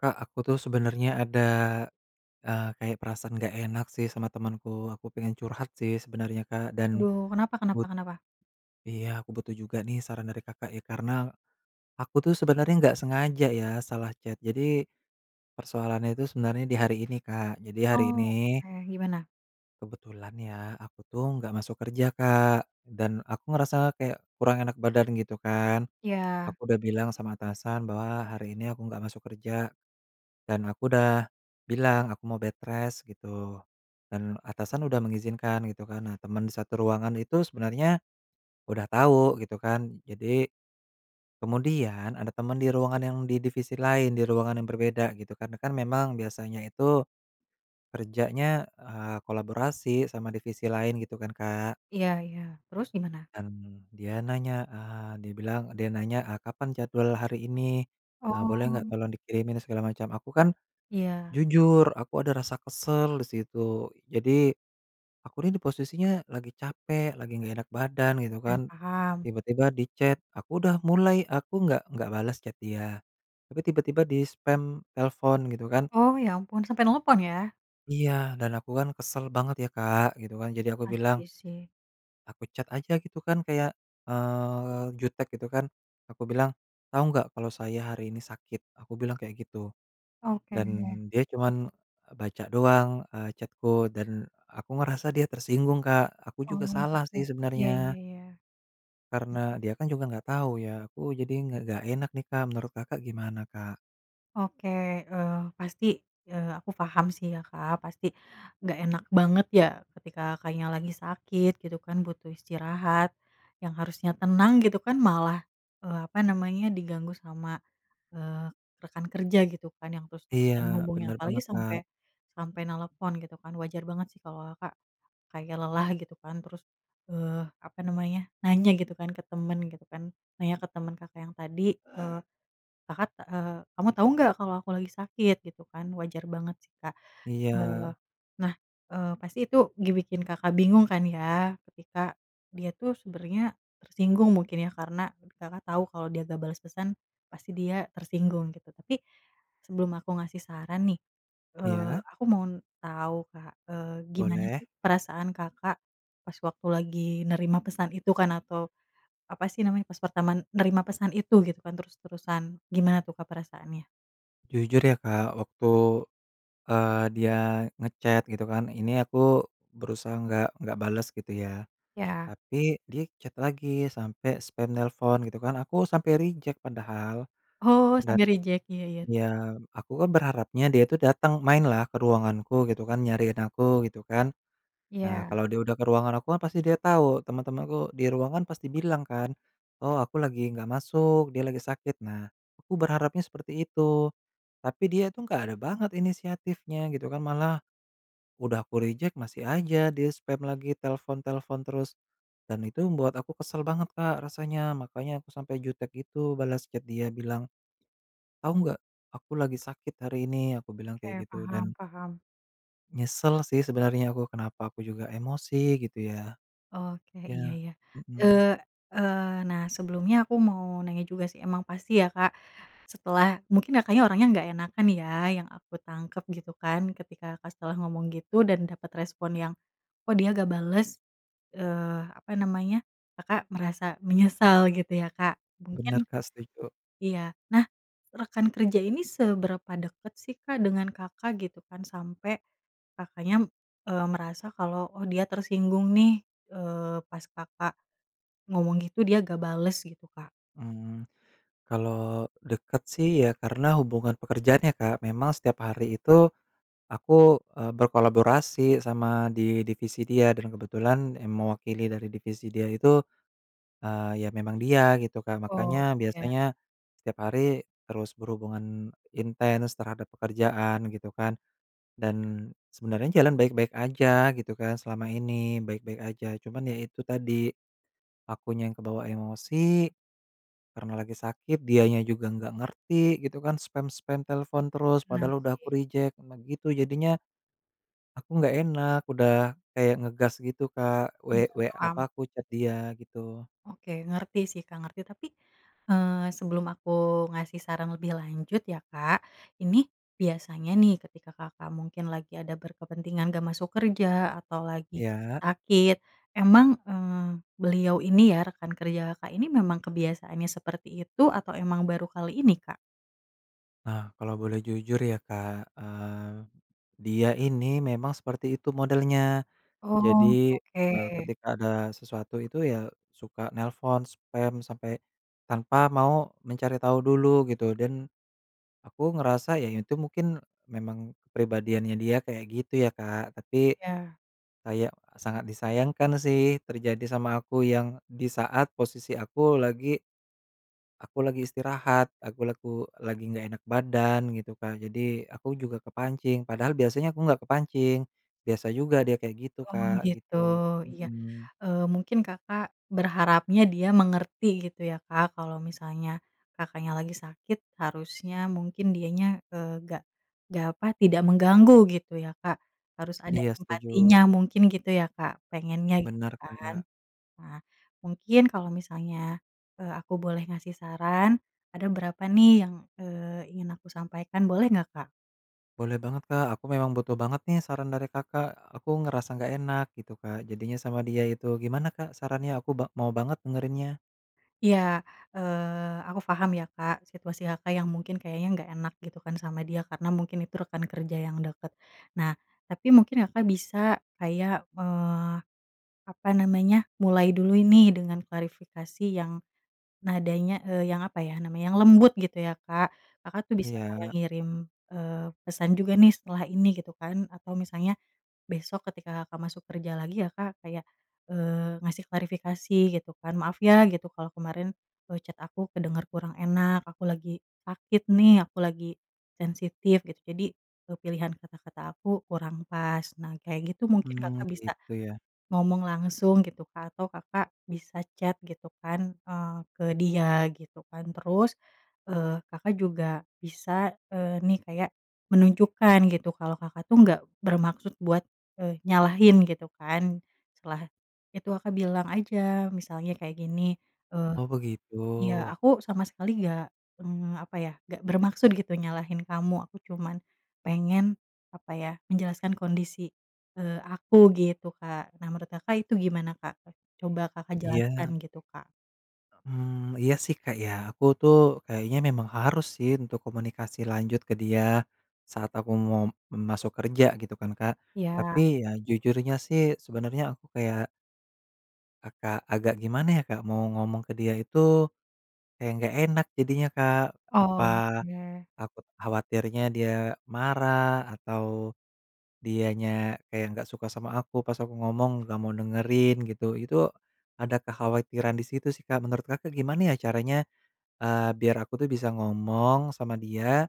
Kak, aku tuh sebenarnya ada, e kayak perasaan nggak enak sih sama temanku. Aku pengen curhat sih sebenarnya Kak dan, Aduh. Kenapa kenapa but kenapa? iya, aku butuh juga nih saran dari Kakak ya karena, aku tuh sebenarnya nggak sengaja ya salah chat. Jadi, persoalannya itu sebenarnya di hari ini Kak, jadi hari ini Oke gimana? kebetulan ya, aku tuh nggak masuk kerja Kak. Dan aku ngerasa kayak kurang enak badan gitu kan. Ya. Aku udah bilang sama atasan bahwa hari ini aku nggak masuk kerja, dan aku udah bilang, aku mau bedrest gitu. Dan, atasan udah mengizinkan gitu kan. Nah teman di satu ruangan itu sebenarnya, udah tahu gitu kan. Jadi, kemudian ada teman di ruangan yang di divisi lain di ruangan yang berbeda gitu kan, kan memang biasanya itu, kerjanya, eee, kolaborasi sama divisi lain, gitu kan Kak. Iya iya, terus gimana? Dan, dia nanya, eee, dia bilang dia nanya, e "Kapan jadwal hari ini? E boleh Oh. tolong dikirimin," segala macam, aku kan, Iya. jujur, aku ada rasa kesal di situ. Jadi, aku ini di posisinya lagi capek, lagi enggak enak badan gitu Oke kan. paham. Tiba-tiba di chat, aku udah mulai, aku nggak nggak bales chat dia. Tapi tiba-tiba dispam telepon gitu kan Oh. Ya ampun, sampe nelpon ya? Iya, dan aku kan kesel banget ya Kak, gitu kan. Jadi aku bilang Pasti sih. aku chat aja gitu kan kayak, eee, jutek gitu kan. Aku bilang, "Tahu nggak, kalau saya hari ini sakit?" aku bilang kayak gitu. Oke. Dan, dia cuman, baca doang, eee, chat-ku dan, aku ngerasa dia tersinggung Kak. Aku Oh juga salah gitu. sih Iya iya sebenarnya. iya. Karena, dia kan juga nggak tahu ya, aku jadi ng nggak enak nih Kak. Menurut Kakak gimana Kak? Oke, eee, pasti, eee, aku paham sih ya Kak, pasti, nggak enak banget ya, ketika Kakaknya lagi sakit, gitu kan, butuh istirahat, yang harusnya tenang gitu kan malah, eee, apa namanya, diganggu sama, eee, rekan kerja gitu kan, yang Iya, terus-terusan menghubungnya benar apalagi banget Kak. sampai sampai nlepon gitu kan, wajar banget sih kalau Kakak, kayak lelah gitu kan. Terus, eee, apa namanya, nanya gitu kan ke teman gitu kan, nanya ke teman Kakak yang tadi, eee, Kakak, eee, "Kamu tau nggak kalo aku lagi sakit?" gitu kan, wajar banget sih Kak. Eee, Iya. nah, eee, pasti itu, ngebikin Kakak bingung kan ya? Ketika, dia tuh sebenarnya, tersinggung mungkin ya, karena, Kakak tau kalo dia gak bales pesan, pasti dia tersinggung gitu. Tapi, sebelum aku ngasih saran nih, eee, Iya. aku mau tau Kak, eee, gimana Boleh. sih perasaan Kakak, pas waktu lagi nerima pesan itu kan atau, apa sih namanya, pas pertama menerima pesan itu gitu kan terus-terusan, gimana tuh Kak perasaannya? Jujur ya Kak, waktu, eee, dia nge-chat gitu kan, ini aku berusaha nggak nggak bales gitu ya. Iya. Tapi dia chat lagi sampai spam nelpon gitu kan, aku sampai reject padahal. Oh, Dan, sambil reject, iya iya, terus? ya aku kan berharapnya dia tuh datang, mainlah ke ruanganku gitu kan, nyariin aku gitu kan. Nah, Iya. kalau dia udah ke ruangan aku kan pasti dia tau, temen-temanku di ruangan pasti bilang kan, oh, aku lagi nggak masuk, "Dia lagi sakit," nah aku berharapnya seperti itu. Tapi dia itu nggak ada banget inisiatifnya gitu kan, malah, udah aku reject, masih aja dia spam lagi, telepon-telepon terus, dan itu membuat aku kesel banget Kak rasanya. Makanya aku sampai jutek gitu balas chat dia, bilang, "Tahu nggak? Aku lagi sakit hari ini." Aku bilang Oke, kayak gitu paham dan paham. nyesel sih sebenernya aku, kenapa aku juga emosi gitu ya? Oke, iya Iya, iya. mhm. Eee eee, nah, sebelumnya aku mau nanya juga sih, emang pasti ya Kak, setelah, mungkin Kakaknya, orangnya nggak enakan ya yang aku tangkep gitu kan. Ketika Kakak setelah ngomong gitu, dan dapat respon yang, "Kok dia nggak bales?" Eee, apa namanya, Kakak merasa menyesal gitu ya Kak? Bener Mungkin, Kak, setuju. iya, nah, rekan kerja ini seberapa dekat sih Kak, dengan Kakak? Gitu kan. Sampai Kakaknya, eee, merasa kalau, "Oh, dia tersinggung nih", eee, pas Kakak ngomong gitu, dia nggak bales gitu Kak? Mmm. Kalau, dekat sih iya. Karena hubungan pekerjaan ya Kak, memang setiap hari itu, aku, eee, berkolaborasi sama di divisi dia, dan kebetulan yang mewakili dari divisi dia itu, eee, ya memang dia, gitu kan. Makanya Oh, ya. biasanya, setiap hari terus berhubungan intens, terhadap pekerjaan gitu kan. Dan, sebenernya jalan baik-baik aja, gitu kan. Selama ini, baik-baik aja. Cuman ya itu tadi, akunya yang kebawa emosi. Karena lagi sakit, dianya juga nggak ngerti, gitu kan. Spam-spam telepon terus. Benar, Padahal udah aku sih. reject. Nah, gitu jadinya aku nggak enak, udah kayak ngegas gitu Kak. Iya, We we paham. apa aku chat dia, gitu. Oke, ngerti sih, Kak. Ngerti. Tapi, eee, sebelum aku ngasih saran lebih lanjut, ya Kak. Ini, biasanya nih, ketika Kakak mungkin lagi ada berkepentingan enggak masuk kerja, atau lagi Iya. sakit. Emang, eee, beliau ini ya rekan kerja Kakak ini memang kebiasaannya seperti itu, atau emang baru kali ini, Kak? Nah, kalau boleh jujur ya Kak, eee, dia ini memang seperti itu modelnya. Oh, Jadi, oke. eee, ketika ada sesuatu itu ya, suka nelpon, spam sampe tanpa mau mencari tahu dulu gitu. Dan aku ngerasa, ya itu mungkin memang kepribadiannya dia kayak gitu ya Kak. Tapi, Iya. kayak sangat disayangkan sih terjadi sama aku, yang di saat posisi aku lagi aku lagi istirahat, aku laku lagi nggak enak badan gitu Kak, jadi aku juga kepancing. Padahal biasanya aku nggak kepancing, biasa juga dia kayak gitu Oh Kak, gitu, gitu, iya. mhm. Eee, mungkin Kakak, berharapnya dia mengerti gitu ya Kak. Kalau misalnya Kakaknya lagi sakit, harusnya mungkin dianya, eee, gak gak apa, tidak mengganggu gitu ya Kak, harus ada Iya setuju. empatinya mungkin gitu ya Kak, pengennya gitu Bener kan? Kak. Nah, mungkin kalau misalnya, eee, aku boleh ngasih saran, ada berapa nih yang, eee, ingin aku sampaikan, boleh nggak Kak? Boleh banget Kak, aku memang butuh banget nih saran dari Kakak. Aku ngerasa nggak enak gitu Kak jadinya sama dia itu, gimana Kak sarannya? Aku ba mau banget dengerinnya. Iya, eee, aku paham ya Kak, situasi Kakak yang mungkin kayaknya nggak enak gitu kan sama dia, karena mungkin itu rekan kerja yang dekat. Nah, tapi mungkin Kakak bisa kayak, eee, apa namanya, mulai dulu ini dengan klarifikasi yang nadanya, eee, yang apa ya namanya, yang lembut gitu ya Kak, Kakak tuh bisa kayak Iya. ngirim, eee, pesan juga nih setelah ini gitu kan. Atau misalnya besok ketika Kakak masuk kerja lagi ya Kak, kayak, eee, ngasih klarifikasi gitu kan. "Maaf ya," gitu, "kalau kemarin e chat aku kedengar kurang enak. Aku lagi sakit nih, aku lagi sensitif," gitu. "Jadi e pilihan kata-kata aku kurang pas." Nah, kayak gitu mungkin Hmm, Kakak bisa gitu ya. ngomong langsung gitu Kak atau Kakak bisa chat gitu kan, eee, ke dia gitu kan. Terus, eee, Kakak juga bisa, eee, nih kayak menunjukkan gitu, kalau Kakak tuh nggak bermaksud buat, eee, nyalahin gitu kan. Setelah itu Kakak bilang aja misalnya kayak gini, eee, Oh, begitu. "Iya aku sama sekali nggak, eee, apa ya, nggak bermaksud gitu nyalahin kamu, aku cuman pengen apa ya menjelaskan kondisi, eee, aku," gitu Kak. Nah, menurut Kakak itu gimana Kak? Coba Kakak jelaskan Iya. gitu Kak. Mmm, iya sih Kak, ya. Aku tuh, kayaknya memang harus sih untuk komunikasi lanjut ke dia. saat aku mau, mmm, masuk kerja, gitu kan Kak, Iya. tapi ya jujurnya sih, sebenernya aku kayak akak agak gimana ya Kak, mau ngomong ke dia itu, kayak enggak enak jadinya Kak. Oh, Apa, ya. takut khawatirnya dia marah, atau dianya kayak nggak suka sama aku, pas aku ngomong, nggak mau dengerin gitu. Itu ada kekhawatiran di situ sih, Kak. Menurut Kakak, gimana ya caranya, eee, biar aku tuh bisa ngomong sama dia,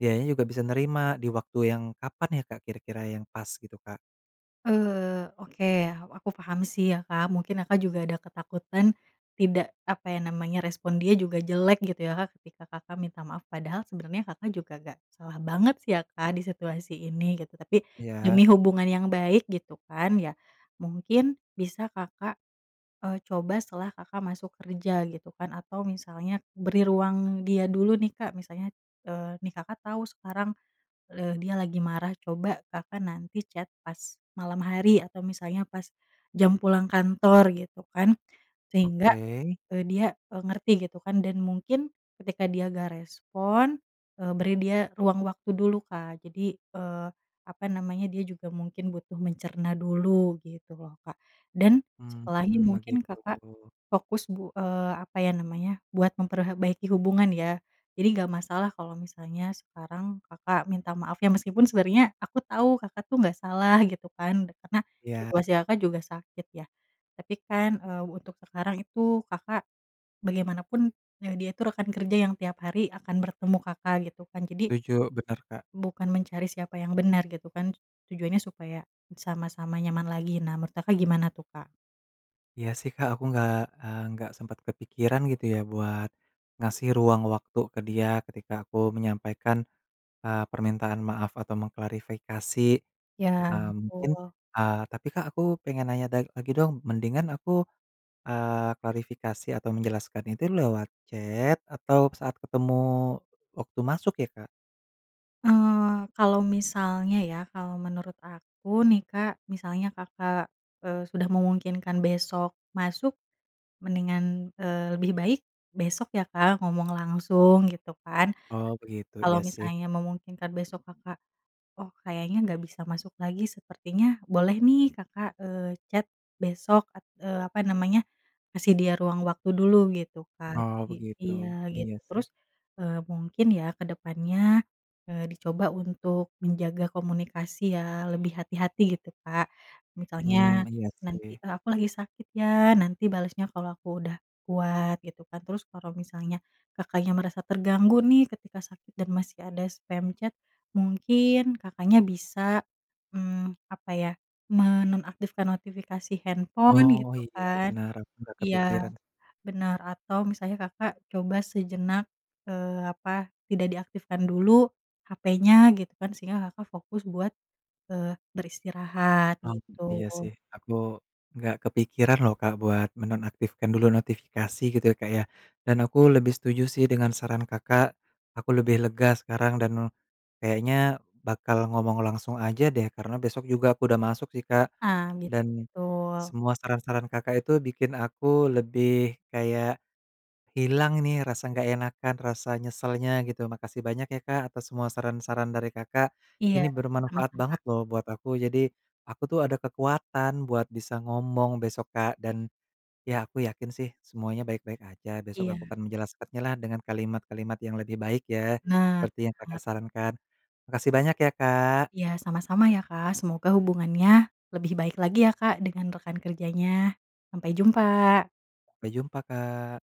dianya juga bisa nerima, di waktu yang, kapan ya Kak kira-kira yang pas, gitu Kak? Eee, oke, aku paham sih ya, Kak. Mungkin Kakak juga ada ketakutan, tidak, apa ya namanya, respon dia juga jelek, gitu ya Kak. Ketika Kakak minta maaf. Padahal sebenernya, Kakak juga nggak salah banget sih, ya Kak, di situasi ini, gitu. Tapi, Iya. demi hubungan yang baik, gitu kan, ya, mungkin bisa Kakak, eee, coba setelah Kakak masuk kerja, gitu kan, atau misalnya beri ruang dia dulu nih, Kak. Misalnya, eee, nih Kakak tahu sekarang, eee, dia lagi marah. Coba Kakak nanti chat pas, malam hari atau misalnya pas, jam pulang kantor, gitu kan. Sehingga, Oke. eee, dia, eee, ngerti gitu kan, dan mungkin, ketika dia nggak respon, eee, beri dia, ruang waktu dulu, Kak. Jadi, eee, apa namanya, dia juga mungkin butuh mencerna dulu, gitu loh Kak. Dan, Hmm setelahnya hmm. mungkin Begitu. Kakak, fokus bu eee, apa ya namanya, buat memperhe baiki hubungan ya. Jadi nggak masalah kalau misalnya sekarang, Kakak minta maaf ya, meskipun sebenernya, aku tahu Kakak tuh nggak salah, gitu kan. Karena, situasi Iya. Kakak juga sakit ya, tapi kan, eee, untuk sekarang itu, Kakak, bagaimanapun, eee, dia itu, rekan kerja yang tiap hari akan bertemu Kakak, gitu kan. Jadi Setuju, benar Kak. bukan mencari siapa yang benar, gitu kan, tujuannya supaya, sama-sama nyaman lagi. Nah, menurut Kak gimana tuh, Kak? Iya, sih, Kak, aku enggak, eee, enggak sempat kepikiran gitu, ya, buat ngasih ruang waktu ke dia ketika aku menyampaikan, eee, permintaan maaf atau mengklarifikasi. Ya, Eee, mungkin, betul. eee, tapi, Kak, aku pengen nanya da lagi dong. Mendingan aku, eee, klarifikasi atau menjelaskan itu lewat chat, atau saat ketemu waktu masuk, ya, Kak? Eee, kalau misalnya, ya, kalau menurut aku, nih, Kak. Misalnya Kakak, eee, sudah memungkinkan besok masuk, mendingan, eee, lebih baik besok, ya, Kak, ngomong langsung, gitu, kan. Oh, begitu, Kalau iya, sih. misalnya memungkinkan besok Kakak, oh, kayaknya enggak bisa masuk lagi sepertinya boleh, nih, Kakak, eee, chat besok at eee, apa namanya, kasih dia ruang waktu dulu gitu, Kak. Oh, I begitu. iya, Iya, gitu. sih. Terus, eee, mungkin, ya, ke depannya, eee, dicoba untuk menjaga komunikasi, ya, lebih hati-hati gitu, Kak. Mmm, Misalnya, iya, nanti sih. eee, "Aku lagi sakit, ya, nanti balasnya kalau aku udah kuat," gitu, kan. Terus kalau misalnya Kakaknya merasa terganggu, nih, ketika sakit dan masih ada spam chat, mungkin Kakaknya bisa, mmm, apa, ya, menonaktifkan notifikasi handphone, Oh, gitu, iya, kan benar. Enggak iya, kepikiran. benar, atau misalnya Kakak coba sejenak, eee, apa tidak diaktifkan dulu HP-nya, gitu, kan, sehingga Kakak fokus buat, eee, beristirahat Mmm, gitu. iya, sih. Aku enggak kepikiran, loh, Kak, buat menonaktifkan dulu notifikasi gitu, Kak, ya. Dan aku lebih setuju, sih, dengan saran Kakak, aku lebih lega sekarang dan, kayaknya bakal ngomong langsung aja, deh, karena besok juga aku udah masuk, sih, Kak. Nah, gitu, Dan, betul. semua saran-saran Kakak itu bikin aku lebih kayak, hilang ini rasa enggak enakan, rasa nyeselnya gitu. Makasih banyak, ya, Kak, atas semua saran-saran dari Kakak, Iya, ini bermanfaat sama-sama. banget, loh, buat aku. Jadi, aku, tuh, ada kekuatan buat bisa ngomong besok, Kak, dan, ya, aku yakin, sih, semuanya baik-baik aja. Besok aku Iya. akan menjelaskannyalah dengan kalimat-kalimat yang lebih baik, ya, Benar, seperti benar yang Kakak banget. sarankan. Makasih banyak, ya, Kak. Iya, sama-sama, ya, Kak. Semoga hubungannya lebih baik lagi, ya, Kak, dengan rekan kerjanya. Sampai jumpa. Sampai jumpa, Kak.